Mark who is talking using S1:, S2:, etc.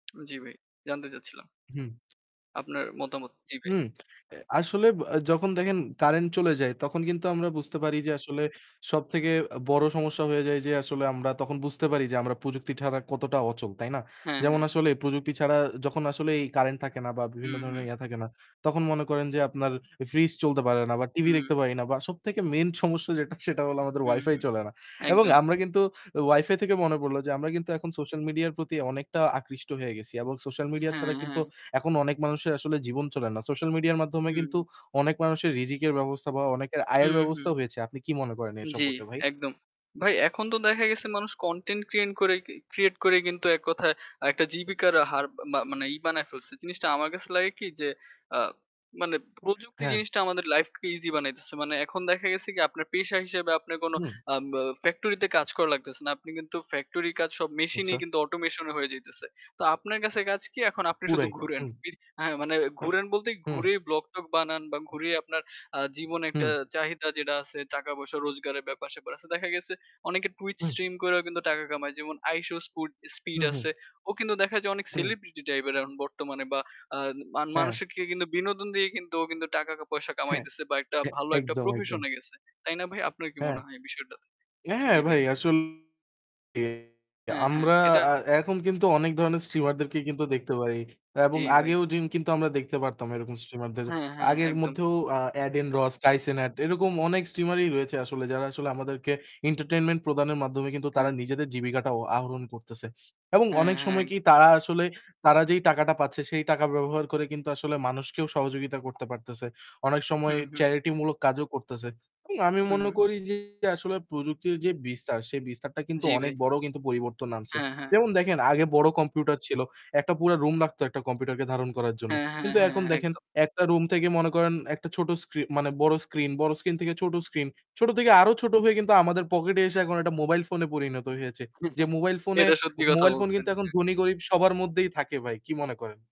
S1: জি, ভাই। জানতে চাচ্ছিলাম।
S2: হুম।
S1: আপনার মতামত। জি, ভাই।
S2: হুম। এ আসলে আ যখন দেখেন কারেন্ট চলে যায় তখন কিন্তু আমরা বুঝতে পারি যে আসলে সবথেকে আ বড় সমস্যা হয়ে যায় যে আসলে আমরা তখন বুঝতে পারি যে আমরা প্রযুক্তি ছাড়া কতটা অচল। তাই না?
S1: হ্যাঁ,
S2: যেমন
S1: হ্যাঁ।
S2: আসলে প্রযুক্তি ছাড়া যখন আসলে এই কারেন্ট থাকে না বা
S1: হু,
S2: বিভিন্ন
S1: হু।
S2: ধরনের ইয়া থাকে না, তখন মনে করেন যে আপনার এ ফ্রিজ চলতে পারে না বা
S1: হু।
S2: টিভি দেখতে পারি না। বা সবথেকে মেইন সমস্যা যেটা সেটা হলো আমাদের
S1: হু,
S2: Wi-Fi
S1: হু।
S2: চলে না। এবং
S1: একদমই।
S2: আমরা কিন্তু Wi-Fi থেকে মনে পড়লো যে আমরা কিন্তু এখন সোশ্যাল মিডিয়ার প্রতি অনেকটা আকৃষ্ট হয়ে গেছি এবং সোশ্যাল মিডিয়া
S1: হ্যা,
S2: ছাড়া কিন্তু
S1: হ্যা।
S2: এখন অনেক মানুষের আসলে জীবন চলে না। সোশ্যাল মিডিয়ার মাধ্যমে কিন্তু
S1: হুম।
S2: অনেক মানুষের রিযিকের ব্যবস্থা বা অনেকের আয়ের
S1: হুম, হুম।
S2: ব্যবস্থাও হয়েছে। আপনি কি মনে করেন এ
S1: জি,
S2: সম্পর্কে ভাই?
S1: একদম। ভাই এখন তো দেখা গেছে মানুষ content ক্রিয়েন করে create করে কিন্তু এককথায় একটা জীবিকার হার মা মানে ই বানায় ফেলছে। জিনিসটা আমার কাছে লাগে কি? যে, আ মানে প্রযুক্তি
S2: হ্যাঁ।
S1: জিনিসটা আমাদের লাইফকে easy বানাইতেছে। মানে এখন দেখা গেছে কি আপনার পেশা হিসেবে আপনার কোন
S2: হুম।
S1: আ বা factory তে কাজ করা লাগতেছে না। আপনি কিন্তু factory র কাজ সব machine এ
S2: আচ্ছা।
S1: কিন্তু automation এ হয়ে যাইতেছে। তো আপনার কাছে কাজ কি? এখন আপনি শুধু
S2: পুরাই।
S1: ঘুরেন।
S2: হুম।
S1: ইস হ্যাঁ, মানে ঘুরেন বলতেই
S2: হুম।
S1: ঘুরেই vlog, টগ বানান বা ঘুরেই আপনার আ জীবনে একটা
S2: হুম।
S1: চাহিদা যেটা আছে টাকা-পয়সা রোজগারের ব্যাপার-স্যাপার আছে। দেখা গেছে অনেকে Twitch
S2: হুম।
S1: stream করেও কিন্তু টাকা কামায়। যেমন আইশো স্পু
S2: হু,
S1: স্পিড
S2: হুম।
S1: আছে। ও কিন্তু দেখা যায় অনেক
S2: হুম।
S1: celebrity type এর এখন বর্তমানে বা আ মা
S2: হ্যা।
S1: মানুষকে কিন্তু বিনোদন দিয়ে কিন্তু ও কিন্তু টাকা-পয়সা
S2: হ্যাঁ।
S1: কামাইতেছে বা একটা
S2: এ
S1: ভালো একটা
S2: একদম,
S1: profession
S2: একদম।
S1: এ গেছে। তাই না ভাই? আপনার কি
S2: হ্যা।
S1: মনে হয় এই বিষয়টাতে?
S2: হ্যাঁ, হ্যাঁ,
S1: জি, ভাই।
S2: ভাই। আসলে
S1: হ্যাঁ, হ্যাঁ।
S2: আমরা
S1: এটা
S2: আ এখন কিন্তু অনেক ধরনের streamer দেরকে কিন্তু দেখতে পারি এবং
S1: জি, ভাই।
S2: আগেও জিন কিন্তু আমরা দেখতে পারতাম এরকম streamer দের।
S1: হ্যাঁ, হ্যাঁ।
S2: আগের
S1: একদম।
S2: মধ্যেও আ Adin Ross, Kai cenat এরকম অনেক streamer ই রয়েছে আসলে যারা আসলে আমাদেরকে entertainment প্রদানের মাধ্যমে কিন্তু তারা
S1: হ্যাঁ।
S2: নিজেদের জীবিকাটা অ আহরণ করতেছে। এবং
S1: হ্যাঁ,
S2: অনেক
S1: হ্যাঁ।
S2: সময়
S1: এক
S2: কি? তারা আসলে তারা যেই টাকাটা পাচ্ছে সেই টাকা ব্যবহার করে কিন্তু আসলে মানুষকেও সহযোগিতা করতে পারতেছে। অনেক সময়
S1: হুম, হুম।
S2: charity মূলক কাজও করতেছে। উ আমি
S1: হুম,
S2: মনে
S1: হুম।
S2: করি যে আসলে প্রযুক্তির যে বিস্তার সেই বিস্তারটা কিন্তু
S1: জি,
S2: অনেক
S1: ভাই।
S2: বড় কিন্তু পরিবর্তন আনছে।
S1: হ্যাঁ, হ্যাঁ।
S2: যেমন দেখেন আগে বড় কম্পিউটার ছিল, একটা পুরা রুম লাগতো একটা কম্পিউটারকে ধারণ করার জন্য।
S1: হ্যাঁ, হ্যাঁ,
S2: কিন্তু
S1: হ্যাঁ।
S2: এখন দেখেন
S1: একদম।
S2: একটা রুম থেকে মনে করেন একটা ছোট স্ক্রি মানে বড় স্ক্রিন, বড় স্ক্রিন থেকে ছোট স্ক্রিন, ছোট থেকে আরও ছোট হয়ে কিন্তু আমাদের পকেটে এসে এখন এটা মোবাইল ফোনে পরিণত হয়েছে। যে মোবাইল ফোনে
S1: এটা সত্যি কথা
S2: মোবাইল ফোন
S1: বলছেন।
S2: কিন্তু এখন
S1: হ্যাঁ।
S2: ধনী গরিব সবার মধ্যেই থাকে ভাই। কি মনে করেন?